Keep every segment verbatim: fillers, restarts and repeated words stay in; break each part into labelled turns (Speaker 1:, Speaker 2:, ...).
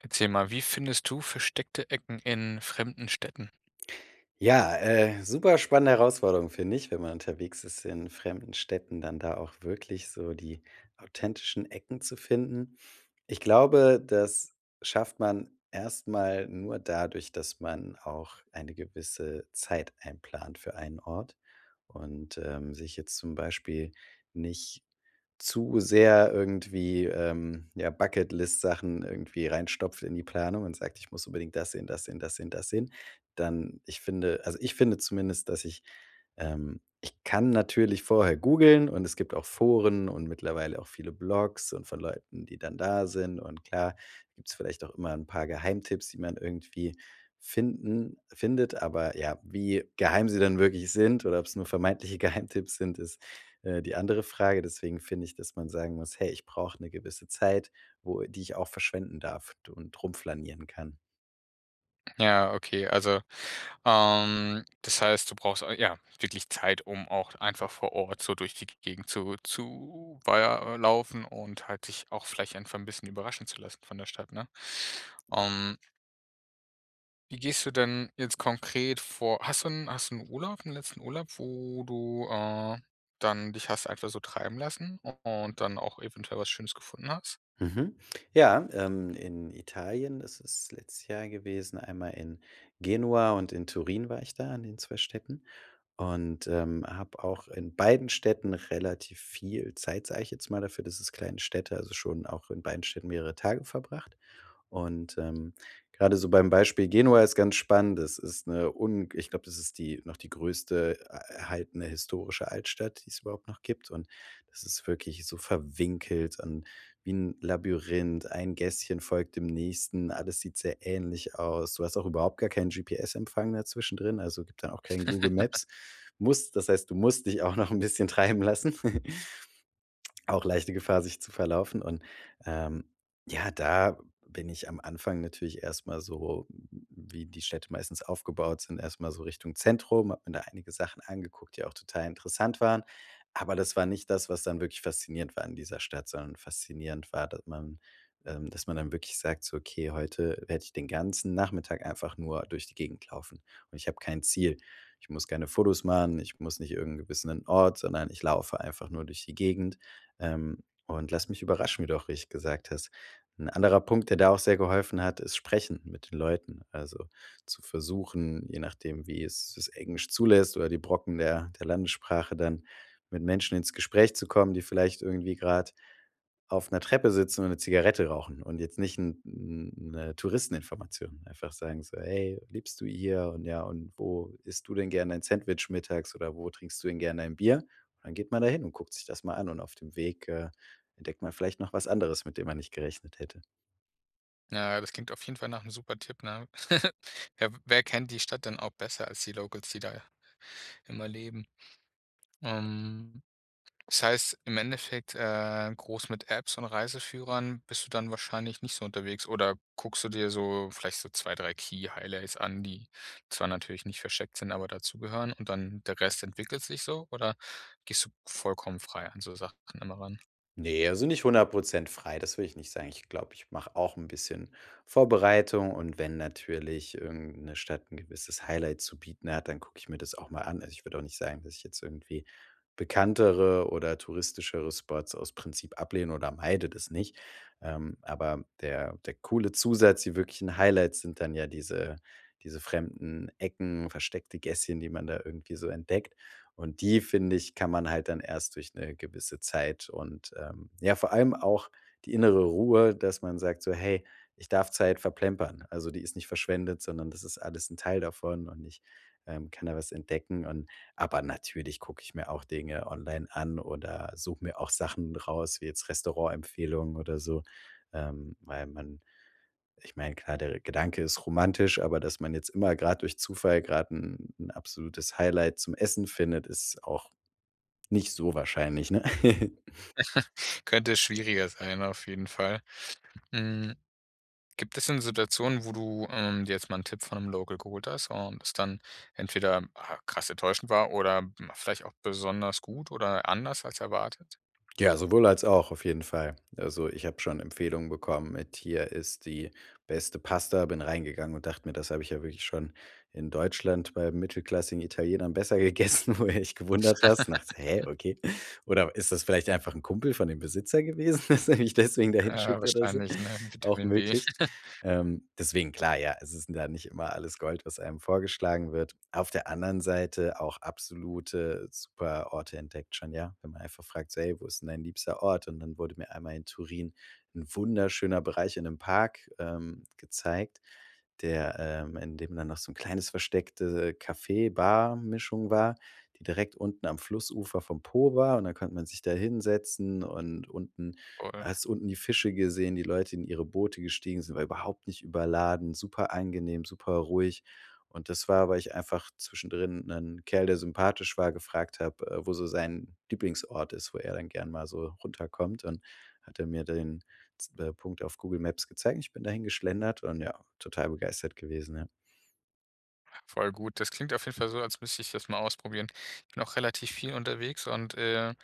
Speaker 1: Erzähl mal, wie findest du versteckte Ecken in fremden Städten?
Speaker 2: Ja, äh, super spannende Herausforderung finde ich, wenn man unterwegs ist in fremden Städten, dann da auch wirklich so die authentischen Ecken zu finden. Ich glaube, das schafft man erstmal nur dadurch, dass man auch eine gewisse Zeit einplant für einen Ort und, ähm, sich jetzt zum Beispiel nicht zu sehr irgendwie, ähm ja, Bucketlist Sachen irgendwie reinstopft in die Planung und sagt: „Ich muss unbedingt das sehen, das sehen, das sehen, das sehen." Dann ich finde also, ich finde zumindest, dass ich ähm, ich kann natürlich vorher googeln. Und es gibt auch Foren und mittlerweile auch viele Blogs und von Leuten, die dann da sind, und klar gibt's vielleicht auch immer 'n paar Geheimtipps, die man irgendwie finden findet. Aber ja, wie geheim sie dann wirklich sind oder ob's nur vermeintliche Geheimtipps sind, ist, äh, die andere Frage. Deswegen finde ich, dass man sagen muss: „Hey, ich brauche 'ne gewisse Zeit, wo die ich auch verschwenden darf du und rumflanieren kann.“
Speaker 1: Ja, okay. Also, ähm, das heißt, du brauchst ei ja, wirklich Zeit, um auch einfach vor Ort so durch die G Gegend zu zu war ja, äh, laufen und halt dich auch vielleicht einfach 'n bisschen überraschen zu lassen von der Stadt, ne? Ähm Wie gehst du denn jetzt konkret vor? Hast du 'n hast du 'n Urlaub, 'n letzten Urlaub, wo du äh, dann dich hast einfach so treiben lassen u und dann auch eventuell was Schönes gefunden hast?
Speaker 2: Mhm. Ja, ähm, in Italien. Das ist letztes Jahr gewesen. Einmal in Genua und in Turin war ich da in den zwei Städten und, ähm, habe auch in beiden Städten relativ viel Zeit, sage ich jetzt mal, dafür, dass es kleine Städte also schon auch in beiden Städten mehrere Tage verbracht. Und, ähm, gerade so beim Beispiel Genua ist ganz spannend. Das ist 'ne ung ich glaube, das ist die noch die größte e äh, erhaltene historische Altstadt, die es überhaupt noch gibt. Und das ist wirklich so verwinkelt und wie 'n Labyrinth. Ein Gässchen folgt dem nächsten. Alles sieht sehr ähnlich aus. Du hast auch überhaupt gar keinen GPS-Empfang mehr zwischendrin. Also, gibt dann auch kein Google Maps. Musst das heißt, du musst dich auch noch 'n bisschen treiben lassen. Auch leichte Gefahr, sich zu verlaufen. Und, ähm, ja, da b bin ich am Anfang natürlich erst mal so w w wie die Städte meistens aufgebaut sind. Erstmal so Richtung Zentrum. Habe mir da einige Sachen angeguckt, die auch total interessant waren. Aber das war nicht das, was dann wirklich faszinierend war an dieser Stadt, sondern faszinierend war, dat man ähm, dass man dann wirklich sagt so: „Okay, heute werde ich den ganzen Nachmittag einfach nur durch die Gegend laufen. Und ich habe kein Ziel. Ich muss keine Fotos machen. Ich muss nicht irgend 'n gewissenen Ort, sondern ich laufe einfach nur durch die Gegend, ähm, und lass mich überraschen." Wie du auch richtig gesagt hast. 'N anderer Punkt, der da auch sehr geholfen hat, ist Sprechen mit den Leuten also zu versuchen, je nachdem, wie es das Englisch zulässt oder die Brocken der der Landessprache dann. Mit Menschen ins Gespräch zu kommen, die vielleicht irgendwie gerade auf 'ner Treppe sitzen und 'ne Zigarette rauchen. Und jetzt nicht 'n 'n 'ne Touristeninformation einfach sagen so: „Hey, lebst du hier? Und, ja und wo isst du denn gern dein Sandwich mittags oder wo trinkst du denn gern dein Bier?" Dann geht man dahin und guckt sich das mal an. Und auf dem Weg, äh, entdeckt man vielleicht noch was anderes, mit dem man nicht gerechnet hätte.
Speaker 1: Ja, das klingt auf jeden Fall nach 'ne super Tipp, ne? Ja, w wer kennt die Stadt denn auch besser als die Locals, die da immer leben? Ähm, das heißt im Endeffekt, äh, groß mit Apps und Reiseführern bist du dann wahrscheinlich nicht so unterwegs oder guckst du dir so vielleicht so zwei, drei Key-Highlights an, die zwar natürlich nicht versteckt sind, aber dazu gehören. Und dann der Rest entwickelt sich so oder gehst du vollkommen frei an so Sachen immer ran?
Speaker 2: Ne, also, nicht hundert Prozent frei, das würde ich nicht sagen. Ich glaube, ich mache auch 'n bisschen Vorbereitung. Und wenn natürlich irgendeine Stadt 'n gewisses Highlight zu bieten hat, dann gucke ich mir das auch mal an. Also, ich würde auch nicht sagen, dass ich jetzt irgendwie bekanntere oder touristischere Spots aus Prinzip ablehne oder meide, das nicht. Ähm, aber der der coole Zusatz, die wirklichen Highlights sind dann ja diese diese fremden Ecken, versteckte Gässchen, die man da irgendwie so entdeckt. Und die, finde ich, kann man halt dann erst durch 'ne gewisse Zeit und, ähm ja, vor allem auch die innere Ruhe, dass man sagt so: „Hey, ich darf Zeit verplempern. Also, die ist nicht verschwendet, sondern das ist alles 'n Teil davon und ich, ähm, kann da was entdecken und“ Aber natürlich gucke ich mir auch Dinge online an oder suche mir auch Sachen raus, wie jetzt Restaurantempfehlungen oder so, ähm, weil man Ich meine klar, der Gedanke ist romantisch, aber dass man jetzt immer gerade durch Zufall gerade 'n 'n absolutes Highlight zum Essen findet, ist auch nicht so wahrscheinlich, ne?
Speaker 1: Könnte schwieriger sein, auf jeden Fall. Hm, gibt es denn Situationen, wo du, ähm, dir jetzt mal 'nen Tipp von 'nem Local geholt hast und es dann entweder, ah, krass enttäuschend war oder, hm, vielleicht auch besonders gut oder anders als erwartet?
Speaker 2: Ja, sowohl als auch, auf jeden Fall. Also, ich habe schon Empfehlungen bekommen mit: „Hier ist die beste Pasta.“ Bin reingegangen und dachte mir: „Das habe ich ja wirklich schon in Deutschland bei mittelklassigen Italienern besser gegessen.” Wo du dich gewundert hast, dachtest: „Hä, okay. Oder ist das vielleicht einfach 'n Kumpel von dem Besitzer gewesen, dass er mich deswegen da
Speaker 1: Ja,
Speaker 2: hinschickt oder so,“
Speaker 1: wahrscheinlich, ne,
Speaker 2: auch
Speaker 1: Vitamin B.
Speaker 2: möglich. Ähm, deswegen klar. Ja, es ist 'n da nicht immer alles Gold, was einem vorgeschlagen wird. Auf der anderen Seite auch absolute super Orte entdeckt schon, ja. Wenn man einfach fragt so: „Hey, wo ist denn dein liebster Ort?" Und dann wurde mir einmal in Turin 'n wunderschöner Bereich in 'nem Park, ähm, gezeigt, der, ähm in dem dann noch so 'n kleines versteckte Kaffee-Bar-Mischung war, die direkt unten am Flussufer vom Po war. Und dann konnte man sich da hinsetzen. Und unten
Speaker 1: Oder?
Speaker 2: hast unten die Fische gesehen, die Leute in ihre Boote gestiegen sind, war überhaupt nicht überladen. Super angenehm, super ruhig. Und das war, weil ich einfach zwischendrin 'nen Kerl, der sympathisch war, gefragt habe, äh, wo sein Lieblingsort ist, wo er dann gern mal so runterkommt. Und hat er mir den z äh, Punkt auf Google Maps gezeigt. Ich bin dahin geschlendert und ja, total begeistert gewesen, ja.
Speaker 1: Voll gut. Das klingt auf jeden Fall so, als müsste ich das mal ausprobieren. Ich bin auch relativ viel unterwegs und, äh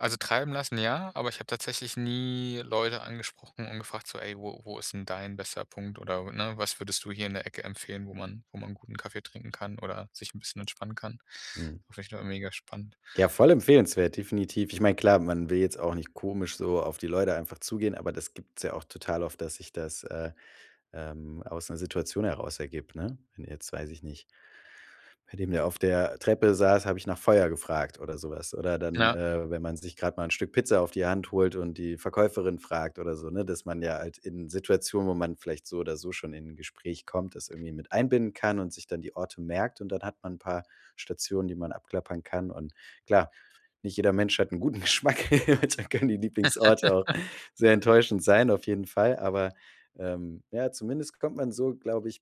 Speaker 1: also, treiben lassen, ja, aber ich habe tatsächlich nie Leute angesprochen und gefragt so: „Ey, wo wo ist 'n dein bester Punkt, oder ne, was würdest du hier in der Ecke empfehlen, wo man wo man guten Kaffee trinken kann oder sich 'n bisschen entspannen kann?“
Speaker 2: Mhm.
Speaker 1: Finde ich nur mega spannend.
Speaker 2: Ja voll empfehlenswert, definitiv. Ich meine klar, man will jetzt auch nicht komisch so auf die Leute einfach zugehen. Aber das gibt's ja auch total oft, dass sich das, äh, ähm, aus 'ner Situation heraus ergibt, ne? Wenn du jetzt, weiß ich nicht bei dem der auf der Treppe saß, habe ich nach Feuer gefragt oder sowas. Oder dann,
Speaker 1: Na.
Speaker 2: äh, wenn man sich grad mal 'n Stück Pizza auf die Hand holt und die Verkäuferin fragt oder so, ne? Dass man ja halt in Situationen, wo man vielleicht so oder so schon in 'n Gespräch kommt, das irgendwie mit einbinden kann und sich dann die Orte merkt. Und dann hat man 'n paar Stationen, die man abklappern kann und klar, nicht jeder Mensch hat 'n guten Geschmack. Da können die Lieblingsorte auch sehr enttäuschend sein, auf jeden Fall. Aber, ähm, ja, zumindest kommt man so, glaube ich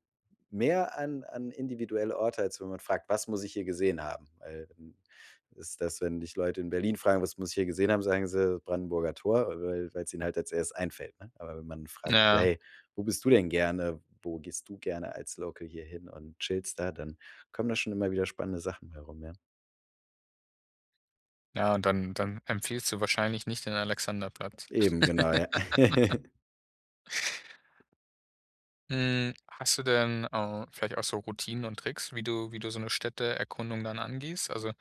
Speaker 2: mehr an an individuelle Orte, als wenn man fragt: „Was muss ich hier gesehen haben?“ Weil, hm ist das, wenn dich Leute in Berlin fragen: „Was muss ich hier gesehen haben?“ Sagen sie: „Brandenburger Tor.“ Weil weil's ihnen halt als erstes einfällt, ne? Aber wenn man fragt so:
Speaker 1: Ja.
Speaker 2: „Hey, wo bist du denn gerne? Wo gehst du gerne als Local hier hin und chillst da?“ Dann kommen da schon immer wieder spannende Sachen bei rum, ja.
Speaker 1: Ja, und dann dann empfiehlst du wahrscheinlich nicht den Alexanderplatz.
Speaker 2: Eben, genau, ja.
Speaker 1: Hm, hast du denn, au vielleicht auch so Routinen und Tricks, wie du wie du so 'ne Städteerkundung dann angehst? Also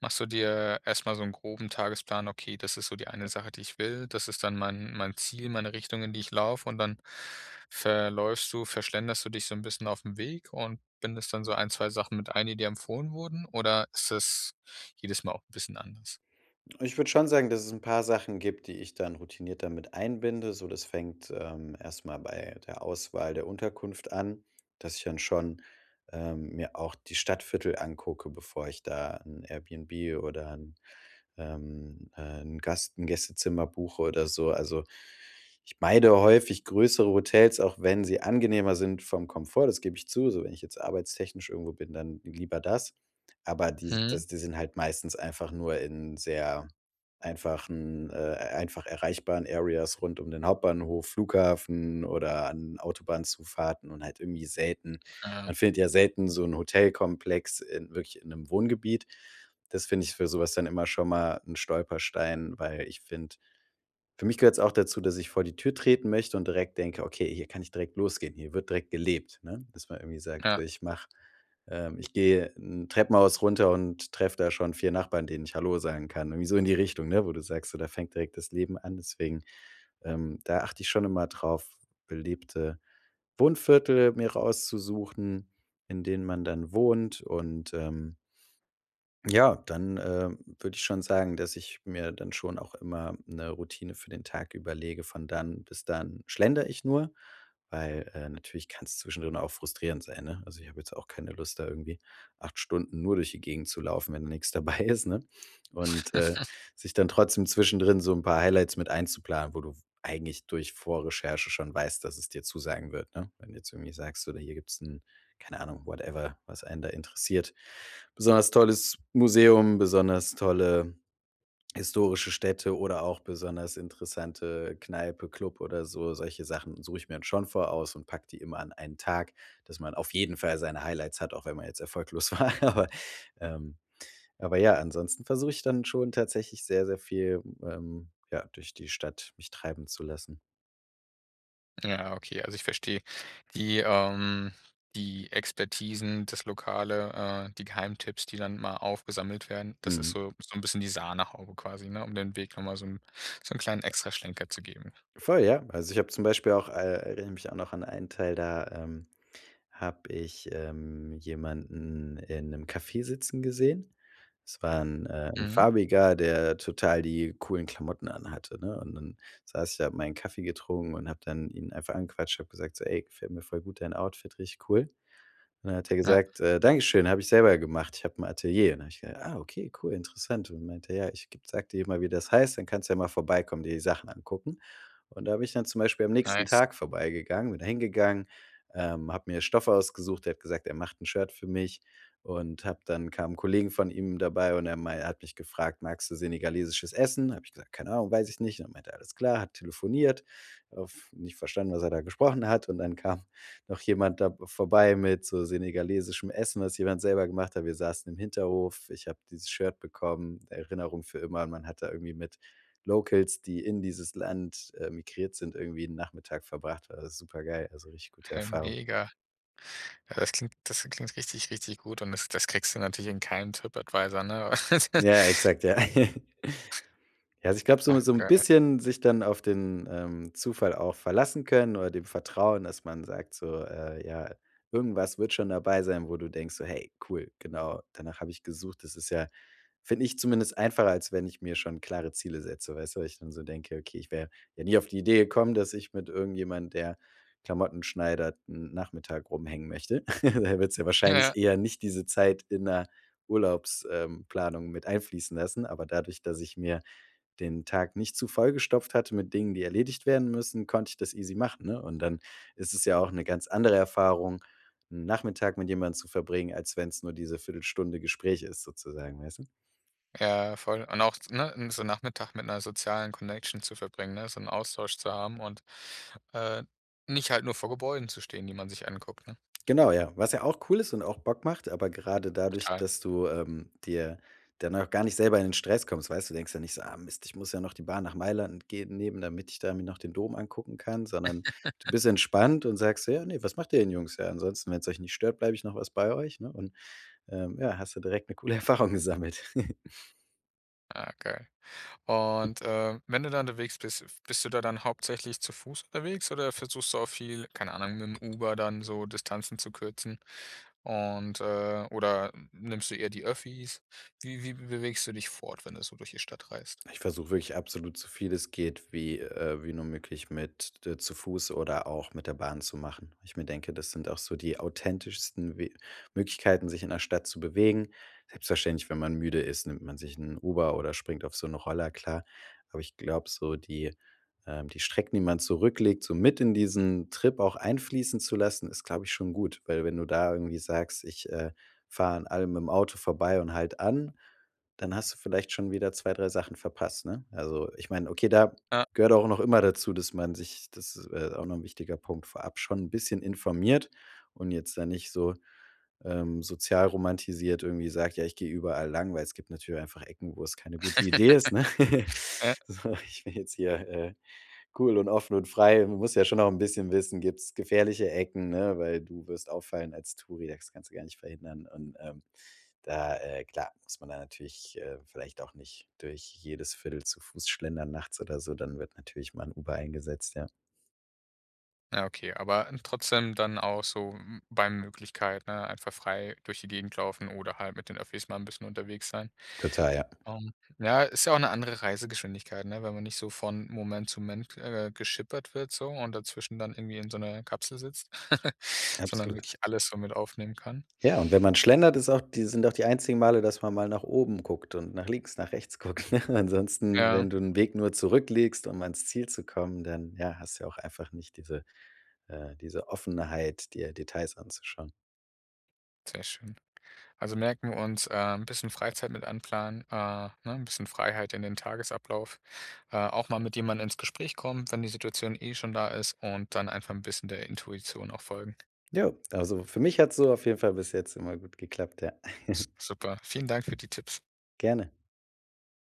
Speaker 1: machst du dir erstmal so 'n groben Tagesplan: „Okay, das ist so die eine Sache, die ich will. Das ist dann mein mein Ziel, meine Richtung, in die ich laufe“ und dann verläufst du, ver schlenderst du dich so 'n bisschen auf den Weg und bindest dann so ein, zwei Sachen mit ein, die dir empfohlen wurden? Oder, ist das jedes Mal auch 'n bisschen anders?
Speaker 2: Ich würde schon sagen, dass es 'n paar Sachen gibt, die ich dann routiniert damit einbinde. So, das fängt, ähm, erstmal bei der Auswahl der Unterkunft an, dass ich dann schon, ähm, mir auch die Stadtviertel angucke, bevor ich da 'n Airbnb oder 'n, ähm, äh, 'n Gast 'n Gästezimmer buche oder so. Also, ich meide häufig größere Hotels, auch wenn sie angenehmer sind vom Komfort, das gebe ich zu, so wenn ich jetzt arbeitstechnisch irgendwo bin, dann lieber das. Aber, die
Speaker 1: Mhm.
Speaker 2: das die sind halt meistens einfach nur in sehr einfachen, äh, einfach erreichbaren Areas rund um den Hauptbahnhof, Flughafen oder an Autobahnzufahrten und halt irgendwie selten
Speaker 1: Ah.
Speaker 2: Man findet ja selten so 'n Hotelkomplex in wirklich in 'nem Wohngebiet. Das finde ich für sowas dann immer schon mal 'n Stolperstein, weil ich finde für mich gehört's auch dazu, dass ich vor die Tür treten möchte und direkt denke: „Okay, hier kann ich direkt losgehen. Hier wird direkt gelebt,“ ne? Dass man irgendwie sagt:
Speaker 1: Ja.
Speaker 2: „Ich mache ähm, ich gehe in Treppenhaus runter und treffe da schon vier Nachbarn, denen ich Hallo sagen kann.“ Irgendwie so in die Richtung, wo du sagst: „Da fängt direkt das Leben an.“ Deswegen, ähm, da achte ich schon immer drauf, belebte Wohnviertel mir rauszusuchen, in denen man dann wohnt und, ähm ja, dann, äh, würde ich schon sagen, dass ich mir dann schon auch immer 'ne Routine für den Tag überlege. Von dann bis dann schlendere ich nur, weil, äh, natürlich kann 's zwischendrin auch frustrierend sein, ne? Also, ich habe jetzt auch keine Lust, da, irgendwie acht Stunden nur durch die Gegend zu laufen, wenn da nichts dabei ist, ne? Und, äh, sich dann trotzdem zwischendrin so 'n paar Highlights mit einzuplanen, wo du eigentlich durch Vorrecherche schon weißt, dass es dir zusagen wird, ne? Wenn du zu mir sagst oder hier gibt's 'n, keine Ahnung, whatever, was einen da interessiert, besonders tolles Museum, besonders tolle historische Städte oder auch besonders interessante Kneipe, Club oder so, solche Sachen suche ich mir dann schon voraus und packe die immer an einen Tag, dass man auf jeden Fall seine Highlights hat, auch wenn man jetzt erfolglos war. Aber,e ähm, aber ja, ansonsten versuche ich dann schon tatsächlich sehr, sehr viel, ähm, ja, durch die Stadt mich treiben zu lassen.
Speaker 1: Ja, okay, also, ich verstehe. Die, ähm die Expertisen, das Lokale, äh, die Geheimtipps, die dann mal aufgesammelt werden, das ist
Speaker 2: Mhm.
Speaker 1: so so 'n bisschen die Sahnehaube quasi, ne, um den Weg nochmal so 'n so 'n kleinen Extraschlenker zu geben.
Speaker 2: Voll, ja! Also, ich habe zum Beispiel auch äh, erinnere mich auch noch an einen Teil da, ähm, habe ich, ähm, jemanden in 'nem Cafe sitzen gesehen. Es war 'n äh, 'n
Speaker 1: Mhm.
Speaker 2: Farbiger, der total die coolen Klamotten anhatte, ne? Und dann saß ich da, habe meinen Kaffee getrunken und habe dann ihn einfach angequatscht, habe gesagt so: „Ey, gefällt mir voll gut dein Outfit. Richtig cool!“ Und dann hat er
Speaker 1: Ja.
Speaker 2: gesagt: „Äh, Dankeschön! Habe ich selber gemacht. Ich habe 'n Atelier.“ Und dann habe ich gesagt: „Ah, okay, cool, interessant.“ Und dann meinte er: „Ja, ich ge sage dir mal, wie das heißt. Dann kannst du ja mal vorbeikommen, die Sachen angucken.“ Und da bin ich dann zum Beispiel am nächsten
Speaker 1: Nice.
Speaker 2: Tag vorbei gegangen, bin da hin gegangen, ähm, habe mir Stoff ausgesucht. Er hat gesagt, er macht 'n Shirt für mich und habe dann kamen Kollegen von ihm dabei und er mei er hat mich gefragt: „Magst du senegalesisches Essen?“ Habe ich gesagt: „Keine Ahnung, weiß ich nicht.“ Und dann meinte er: „Alles klar.“ Hat telefoniert, oft nicht verstanden, was er da gesprochen hat. Und dann kam noch jemand da b vorbei mit so senegalesischem Essen, was jemand selber gemacht hat. Wir saßen im Hinterhof. Ich habe dieses Shirt bekommen. Erinnerung für immer und man hat da irgendwie mit Locals, die in dieses Land, äh, migriert sind, irgendwie 'n Nachmittag verbracht, war super geil. Also, richtig gute
Speaker 1: Ja,
Speaker 2: Erfahrung.
Speaker 1: mega. Ja, das klingt das klingt richtig, richtig gut und das das kriegst du natürlich in keinem TripAdvisor, ne?
Speaker 2: Ja, exakt, ja. Ja, ich glaube so mit
Speaker 1: Ach,
Speaker 2: so 'n
Speaker 1: geil.
Speaker 2: bisschen sich dann auf den, ähm, Zufall auch verlassen können oder dem Vertrauen, dass man sagt so: „Äh, ja, irgendwas wird schon dabei sein, wo du denkst, so, 'Hey, cool. Genau danach habe ich gesucht.'“ Das ist ja finde ich zumindest einfacher, als wenn ich mir schon klare Ziele setze, weißt du? Wo ich dann so denke: „Okay, ich wäre wäre nie auf die Idee gekommen, dass ich mit irgendjemand, der Klamotten schneidert, 'n Nachmittag rumhängen möchte.“ Du willst ja
Speaker 1: Ja, ja.
Speaker 2: wahrscheinlich eher nicht diese Zeit in der Urlaubs ähm, Planung mit einfließen lassen. Aber dadurch, dass ich mir den Tag nicht zu voll gestopft hatte mit Dingen, die erledigt werden müssen, konnte ich das easy machen, ne? Und dann ist es ja auch 'ne ganz andere Erfahrung 'n Nachmittag mit jemand zu verbringen, als wenn's nur diese Viertel Stunde Gespräch ist sozusagen, weißt du?
Speaker 1: Ja voll. Und auch, ne, n so Nachmittag mit 'ner sozialen Connection zu verbringen, ne? So 'n Austausch zu haben und, äh, nicht halt nur vor Gebäuden zu stehen, die man sich anguckt, ne?
Speaker 2: Genau, ja. Was ja auch cool ist und auch Bock macht, aber gerade dadurch,
Speaker 1: Total.
Speaker 2: dass du, ähm, dir dann auch gar nicht selber in den Stress kommst, weißt du? Du denkst ja nicht so: „Ah Mist, ich muss ja noch die Bahn nach Mailand geben nehmen, damit ich da mir noch den Dom angucken kann.“ Sondern du bist entspannt und sagst so: „Ja, ne, was macht ihr denn, Jungs? Ja, ansonsten, wenn's euch nicht stört, bleibe ich noch was bei euch." Ne, und, ähm, ja, hast du direkt 'ne coole Erfahrung gesammelt.
Speaker 1: Ah, geil und, äh, wenn du da unterwegs bist f bist du da dann hauptsächlich zu fuß unterwegs oder versuchst du auch viel keine Ahnung, mitm Uber dann so Distanzen zu kürzen und äh, oder nimmst du eher die Öffis? Wie wie bewegst du dich fort, wenn du so durch die Stadt reist?
Speaker 2: Ich versuche wirklich absolut, so viel es geht, wie äh, wie nur möglich mit d zu fuß oder auch mit der Bahn zu machen. Weil ich mir denke, das sind auch so die authentischsten w Möglichkeiten, sich in der Stadt zu bewegen. Selbstverständlich, wenn man müde ist, nimmt man sich 'n Uber oder springt auf so 'n Roller, klar, aber ich glaube so die ähm, die Strecken, die man zurücklegt, so mit in diesen Trip auch einfließen zu lassen, ist, glaube ich schon gut, weil wenn du da irgendwie sagst: „Ich, äh, fahre an allem mitm Auto vorbei und halte an,“ dann hast du vielleicht schon wieder zwei, drei Sachen verpasst, ne, also, ich meine okay, da
Speaker 1: Ja
Speaker 2: gehört auch noch immer dazu, dass man sich das äh, auch noch 'n wichtiger Punkt, vorab schon 'n bisschen informiert und jetzt da nicht so, ähm, sozial romantisiert irgendwie sagt: „Ja, ich gehe überall lang,“ weil es gibt natürlich einfach Ecken, wo es keine gute Idee ist, ne,
Speaker 1: Ja.
Speaker 2: so ich will jetzt hier, äh, cool und offen und frei man muss ja schon auch 'n bisschen wissen gibt's gefährliche Ecken, ne, weil du wirst auffallen als Touri, das kannst du gar nicht verhindern und, ähm, da äh, klar muss man da natürlich, äh, vielleicht auch nicht durch jedes Viertel zu fuß schlendern, nachts oder so, dann wird natürlich mal 'n Uber eingesetzt, ja.
Speaker 1: Ja, okay, aber n trotzdem dann auch so m bei Möglichkeit, ne, einfach frei durch die Gegend laufen oder halt mit den Öffis mal 'n bisschen unterwegs sein.
Speaker 2: Total, ja.
Speaker 1: Ähm, ja, ist ja auch 'ne andere Reisegeschwindigkeit, ne, wenn man nicht so von Moment zu Mend, äh, geschippert wird so und dazwischen dann irgendwie in so 'ner Kapsel sitzt, sondern
Speaker 2: Absolut.
Speaker 1: wirklich alles so mit aufnehmen kann.
Speaker 2: Ja, und wenn man schlendert, ist auch die sind auch die einzigen Male, dass man mal nach oben guckt und nach links nach rechts guckt, ne? Ansonsten,
Speaker 1: Ja.
Speaker 2: wenn du 'n Weg nur zurückliegst, um ans Ziel zu kommen, dann ja, hast du ja auch einfach nicht diese äh, diese Offenheit, dir Details anzuschauen.
Speaker 1: Sehr schön. Also merken wir uns, ähm, bisschen Freizeit mit einplanen äh, ne, 'n bisschen Freiheit in den Tagesablauf äh, auch mal mit jemand ins Gespräch kommen, wenn die Situation eh schon da ist, und dann einfach 'n bisschen der Intuition auch folgen.
Speaker 2: Jo. Also, für mich hat's so auf jeden Fall bis jetzt immer gut geklappt. Ja.
Speaker 1: S super. Vielen Dank für die Tipps.
Speaker 2: Gerne.